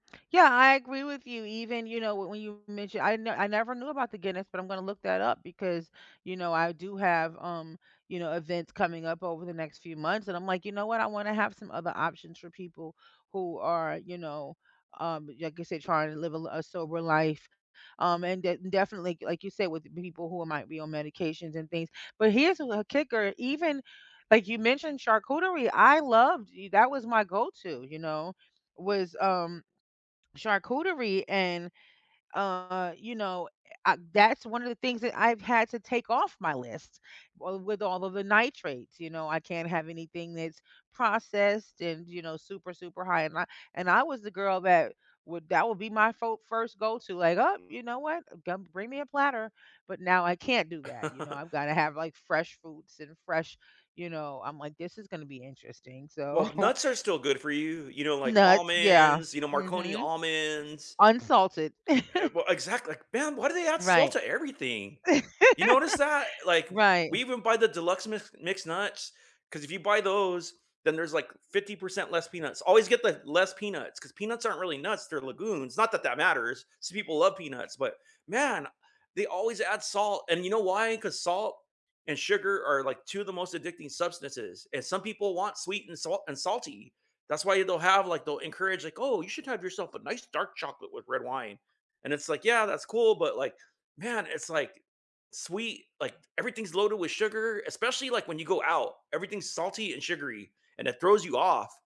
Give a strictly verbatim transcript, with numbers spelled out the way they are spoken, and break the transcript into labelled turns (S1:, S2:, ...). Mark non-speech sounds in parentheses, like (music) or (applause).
S1: Yeah, I agree with you. Even, you know, w when you mentioned I ne I never knew about the Guinness, but I'm gonna look that up because, you know, I do have, um, you know, events coming up over the next few months and I'm like, "You know what? I wanna have some other options for people who are, you know, um, like I said, trying to live a li a sober life." Um, and de definitely, like you said, with people who might be on medications and things. But here's, uh, the kicker, even like you mentioned charcuterie, I loved that was my go-to, you know, was, um, charcuterie and, uh, you know, uh, that's one of the things that I've had to take off my list. Wi with all of the nitrates, you know, I can't have anything that's processed and, you know, super, super high in ni and I was the girl that would that would be my fo first go-to, like, "Oh, you know what? Go m bring me a platter." But now I can't do that. You know, I've
S2: (chuckles)
S1: gotta have, like, fresh fruits and fresh, you know I'm like, "This is gonna be interesting."
S2: Well,
S1: So
S2: but nuts are still good for you, you know, like
S1: Nuts, yeah.
S2: almonds, you know, Marconi
S1: Mhm.
S2: almonds.
S1: Unsalted.
S2: Uh,
S1: (chuckles)
S2: well, exact like, man, why do they add salt
S1: Right.
S2: to everything? You notice that?
S1: (chuckles)
S2: Like,
S1: Right.
S2: we even buy the deluxe mix mixed nuts, 'cause if you buy those, then there's, like, fifty percent less peanuts. Always get the less peanuts, 'cause peanuts aren't really nuts, they're legumes. Not that that matters, some people love peanuts, but man, they always add salt. And you know why? 'Cause salt and sugar are, like, two of the most addicting substances, and some people want sweet and sal and salty. That's why they'll have, like, they'll encourage like, "Oh, you should have yourself a nice dark chocolate with red wine." And it's like, yeah, that's cool, but like, man, it's like sweet, like, everything's loaded with sugar, especially, like, when you go out. Everything's salty and sugary, and it throws you off.